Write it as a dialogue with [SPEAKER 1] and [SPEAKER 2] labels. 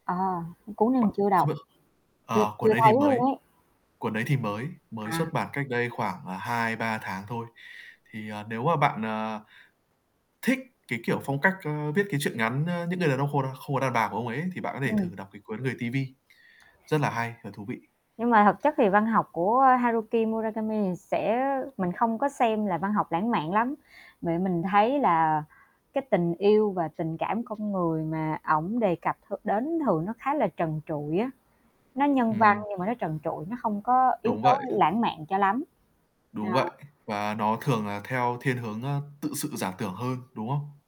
[SPEAKER 1] Ờ, cuốn này mình chưa đọc. Chưa
[SPEAKER 2] À,
[SPEAKER 1] chưa
[SPEAKER 2] cuốn đấy thì
[SPEAKER 1] thấy luôn
[SPEAKER 2] mới
[SPEAKER 1] ấy.
[SPEAKER 2] cuốn đấy thì mới mới
[SPEAKER 1] À.
[SPEAKER 2] xuất bản cách đây khoảng, à, 2-3 tháng thôi. Thì, ờ, nếu mà bạn, ờ, thích cái, kiểu, phong cách, ưm, viết cái truyện ngắn, a, "Những Người Đàn Ông Khô Đa Không Có Đàn Bà" của ông ấy thì bạn có thể
[SPEAKER 1] Ừm.
[SPEAKER 2] thử đọc cái cuốn "Người TV" rất là hay và thú vị.
[SPEAKER 1] Nhưng mà thực chất thì văn học của Haruki Muragami thì sẽ mình không có xem là văn học lãng mạn lắm. Mẹ mình thấy là cái tình yêu và tình cảm con người mà ổng đề cập th đến thường nó khá là trần trụi á, nó nhân văn
[SPEAKER 2] Ừm.
[SPEAKER 1] nhưng mà nó trần trụi, nó không có yếu
[SPEAKER 2] Đúng
[SPEAKER 1] tố
[SPEAKER 2] vậy.
[SPEAKER 1] lãng mạn cho lắm.
[SPEAKER 2] Đúng vậy.
[SPEAKER 1] À.
[SPEAKER 2] Và nó thường là theo thiên hướng, ơ, tự sự giả tưởng hơn, đúng không?